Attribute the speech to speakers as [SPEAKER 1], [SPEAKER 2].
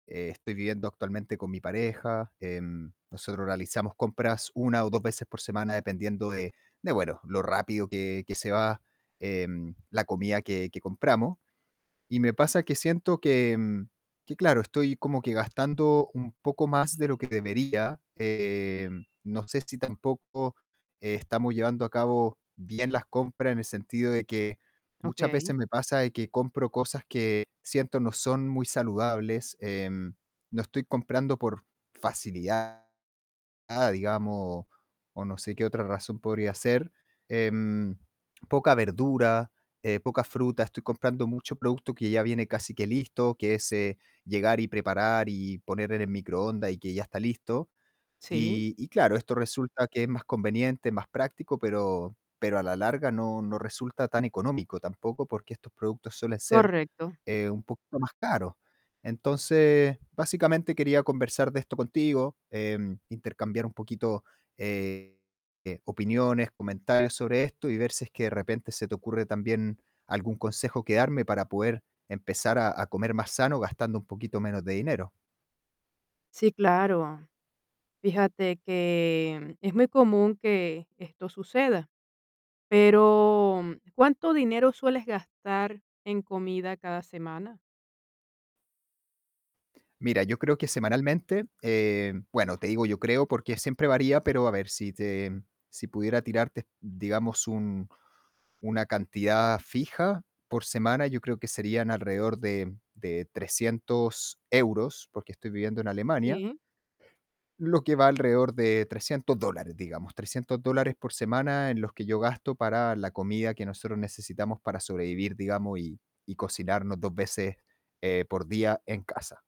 [SPEAKER 1] Estoy viviendo actualmente con mi pareja. Em, nosotros realizamos compras 1 o 2 veces por semana, dependiendo de de bueno, lo rápido que que se va, em, la comida que que compramos. Y me pasa que siento que, mm, que claro, estoy como que gastando un poco más de lo que debería. Eh, no sé si tampoco estamos llevando a cabo bien bien las compras, en el sentido de que muchas
[SPEAKER 2] Okey.
[SPEAKER 1] veces me pasa de que compro cosas que siento no son muy saludables, em, no estoy comprando por facilidad, digamos, o no sé qué otra razón podría ser. Em, poca verdura, eh, poca fruta. Estoy comprando mucho producto que ya viene casi que listo, que es, eh, llegar y preparar y poner en el microondas y que ya está listo.
[SPEAKER 2] Sí.
[SPEAKER 1] Y y claro, esto resulta que es más conveniente, más práctico, pero pero a la larga no no resulta tan económico tampoco, porque estos productos suelen ser,
[SPEAKER 2] Correcto.
[SPEAKER 1] eh, un poquito más caros. Entonces, básicamente quería conversar de esto contigo, em, intercambiar un poquito, eh, opiniones, comentarios sobre esto y ver si es que de repente se te ocurre también algún consejo que darme para poder empezar a a comer más sano gastando un poquito menos de dinero.
[SPEAKER 2] Sí, claro. Fíjate que es muy común que esto suceda. Pero, ¿cuánto dinero sueles gastar en comida cada semana?
[SPEAKER 1] Mira, yo creo que semanalmente, eh, bueno, te digo yo creo porque siempre varía, pero a ver, si te si pudiera tirarte, digamos, un una cantidad fija por semana, yo creo que serían alrededor de de 300 euros, porque estoy viviendo en Alemania
[SPEAKER 2] Sí.
[SPEAKER 1] lo que va alrededor de 300 dólares, digamos. 300 dólares por semana en los que yo gasto para la comida que nosotros necesitamos para sobrevivir, digamos, y y cocinarnos 2 veces, eh, por día en casa.